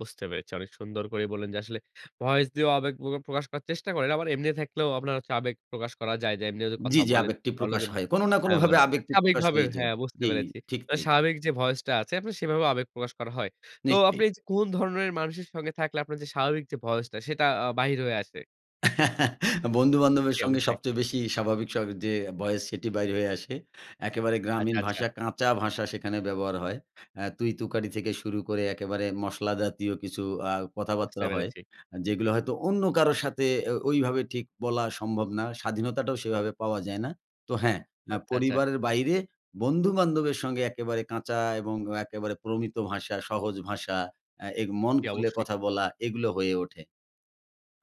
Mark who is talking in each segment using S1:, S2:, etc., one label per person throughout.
S1: বুঝতে পেরেছি। অনেক সুন্দর করেই বললেন যে আসলে ভয়েস দিয়েও আবেগ প্র প্রকাশ করার চেষ্টা করেন। আবার এমনি থাকলেও আপনার আবেগ প্রকাশ করা যায়। যে এমনিও যে
S2: জি,
S1: কথা
S2: জি।
S1: বলেন।
S2: আবেগটি
S1: ভালো
S2: প্রকাশ
S1: কিন্তু
S2: হয়। কোন না
S1: হ্যাঁ
S2: কোনভাবে
S1: মানে
S2: আবেগটি প্রকাশ
S1: স্বাবিকভাবে
S2: হয়ে যায়।
S1: হ্যাঁ বুঝতে
S2: জি,
S1: পেরেছি।
S2: ঠিক
S1: আ
S2: নেই।
S1: স্বাভাবিক যে voice টা আছে আপনি সেভাবেও আবেগ প্রকাশ করা হয়। তো আপনি
S2: নিশ্চয়ই।
S1: এই যে কোন ধরনের মানুষের সঙ্গে থাকলে আপনার যে স্বাভাবিক যে voice টা সেটা আ বাহির হয়ে আসে?
S2: আ বন্ধু-বান্ধবের
S1: জি,
S2: সঙ্গে
S1: অবশ্যই।
S2: সবচেয়ে বেশি স্বাভাবিক স্বর যে voice সেটি বের হয়ে আসে। একেবারে গ্রামীণ
S1: আচ্ছা, আচ্ছা।
S2: ভাষা, কাঁচা ভাষা সেখানে ব্যবহার হয়। আ তুই-তুকারি থেকে শুরু করে একেবারে মশলা জাতীয় কিছু আ
S1: বুঝতে
S2: কথাবার্তা হয়।
S1: পেরেছি।
S2: যেগুলো হয়তো অন্য কারো সাথে এ ওইভাবে ঠিক বলা সম্ভব না। স্বাধীনতাটাও সেভাবে পাওয়া যায় না। তো হ্যাঁ, না
S1: আচ্ছা, আচ্ছা।
S2: পরিবারের বাইরে বন্ধু-বান্ধবের সঙ্গে একেবারে কাঁচা এবং একেবারে প্রমিত ভাষা, সহজ ভাষা, আ এই মন
S1: জি,
S2: খুলে
S1: অবশ্যই।
S2: কথা বলা এগুলো হয়ে ওঠে।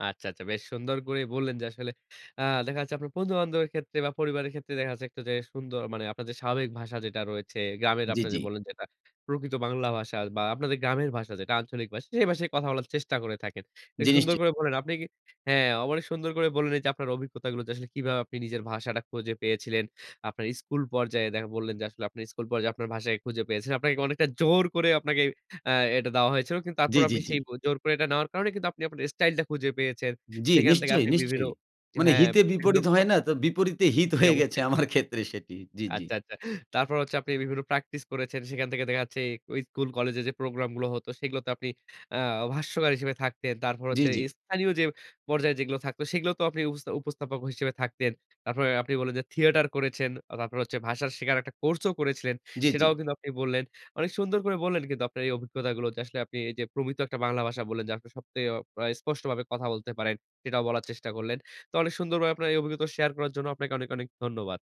S1: আচ্ছা, আচ্ছা। বেশ সুন্দর করেই বললেন যে আসলে আ দেখা যাচ্ছে আপনার বন্ধু-বান্ধবের ক্ষেত্রে বা পরিবারের ক্ষেত্রে দেখা যাচ্ছে একটু যে সুন্দর মানে আপনার যে স্বাভাবিক ভাষা যেটা রয়েছে গ্রামের
S2: জি,
S1: আপনার
S2: জি।
S1: যে বললেন যেটা, প্রকৃত বাংলা ভাষা বা আপনাদের গ্রামের ভাষা যেটা আঞ্চলিক ভাষা সেই ভাষায় কথা বলার চেষ্টা করে থাকেন। বেশ
S2: জি
S1: সুন্দর
S2: নিশ্চই।
S1: করে বললেন, আপনি কি হ্যাঁ অ মানে সুন্দর করে বললেন এইযে আপনার অভিজ্ঞতাগুলো। যে আসলে কিভাবে আপনি নিজের ভাষাটা খুঁজে পেয়েছিলেন, আপনার স্কুল পর্যায়ে দেখ বললেন যে আসলে আপনি স্কুল পর্যায়ে আপনার ভাষাকে খুঁজে পেয়েছেন। আপনাকে অনেকটা জোর করে আপনাকে আ এটা দেওয়া হয়েছিল। কিন্তু
S2: জি,
S1: তারপরও
S2: জি,
S1: আপনি
S2: জি।
S1: সেই বু জোর করে এটা নেওয়ার কারণে কিন্তু আপনি আপনার স্টাইলটা খুঁজে পেয়েছেন।
S2: জি,
S1: সেখান থেকে
S2: নিশ্চয়ই,
S1: আপনি বিভিন্ন
S2: নিশ্চয়ই। মানে
S1: হ্যাঁ,
S2: হিতে
S1: বিভিন্ন
S2: বিপরীত হয় না? তো বিপরীতে হিত
S1: জি,
S2: হয়ে গেছে
S1: অবশ্যই।
S2: আমার ক্ষেত্রে সেটি। জি, জি।
S1: আচ্ছা, আচ্ছা। তারপর হচ্ছে আপনি বিভিন্ন প্র্যাকটিস করেছেন সেখান থেকে দেখা যাচ্ছে, ওই স্কুল কলেজে যে প্রোগ্রামগুলো হত সেগুলোতে আপনি আ ভাষ্যকার হিসেবে থাকতেন। তারপর
S2: জি,
S1: হচ্ছে
S2: জি।
S1: স্থানীয় যে পর্যায়ে যেগুলো থাকতো, সেগুলো তোও আপনি উপস্থা উপস্থাপক হিসেবে থাকতেন। তারপরে আপনি বললেন যে থিয়েটার করেছেন, আ তারপরে হচ্ছে ভাষা শেখার একটা কোর্সও করেছিলেন।
S2: জি, জি।
S1: সেটাও কিন্তু আপনি বললেন। অনেক সুন্দর করে বললেন কিন্তু আপনার এই অভিজ্ঞতাগুলো। যে আসলে আপনি এই যে প্রমিত একটা বাংলা ভাষা বললেন যে আপনি সবচেয়ে অ অ স্পষ্ট ভাবে কথা বলতে পারেন। সেটাও বলার চেষ্টা করলেন। তো অনেক সুন্দর ভাবে আপনার এই অভিজ্ঞতা শেয়ার করার জন্য আপনাকে অনেক, অনেক ধন্যবাদ।